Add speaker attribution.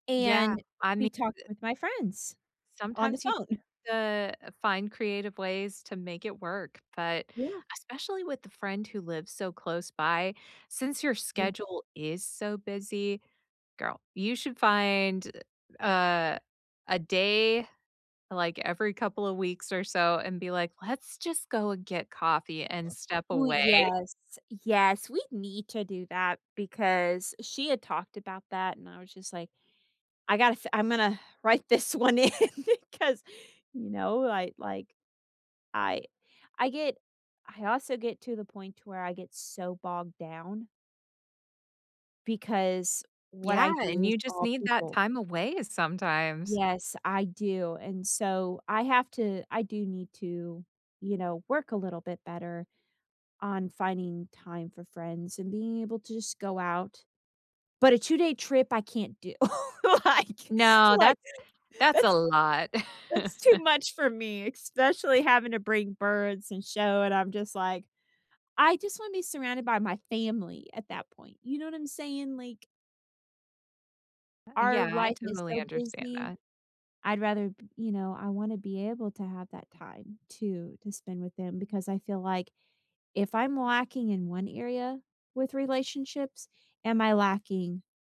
Speaker 1: Yeah,
Speaker 2: And
Speaker 1: I mean
Speaker 2: be talking
Speaker 1: uh
Speaker 2: with my friends on the
Speaker 1: sometimes you
Speaker 2: phone.
Speaker 1: the uh, find creative ways to make it work, but
Speaker 2: Yeah.
Speaker 1: especially with the friend who lives so close by, since your
Speaker 2: Yea
Speaker 1: schedule is so busy, girl, you should find, uh, a a day, like, every couple of weeks or so and be, like, let's just go and get coffee and step
Speaker 2: We
Speaker 1: away.
Speaker 2: yes, yes we need to do that because she had talked about that and I was just, like, "I gotta f I'm gonna write this 1 in 'cause," you know, I like, I I get I also get to the point to where I get so bogged down because what
Speaker 1: Yeah,
Speaker 2: I
Speaker 1: and
Speaker 2: do is
Speaker 1: you just
Speaker 2: all
Speaker 1: need that
Speaker 2: people.
Speaker 1: time away sometimes.
Speaker 2: Yes, I do and so, I have to I do need to, you know, work a little bit better on finding time for friends and being able to just go out, but a two-day trip, I can't do. like
Speaker 1: No,
Speaker 2: like,
Speaker 1: that's that's a
Speaker 2: that's
Speaker 1: lot.
Speaker 2: that's too much for me, especially having to bring birds and show and I'm just, like I just wanna be surrounded by my family at that point, you know what I'm saying? Like
Speaker 1: Yea
Speaker 2: our
Speaker 1: Yeah I
Speaker 2: life is
Speaker 1: totally
Speaker 2: so
Speaker 1: understand
Speaker 2: busy,
Speaker 1: that.
Speaker 2: I'd rather b you know, I wanna be able to have that time to to spend with them because I feel like if I'm lacking in 1 area with relationships, am I lacking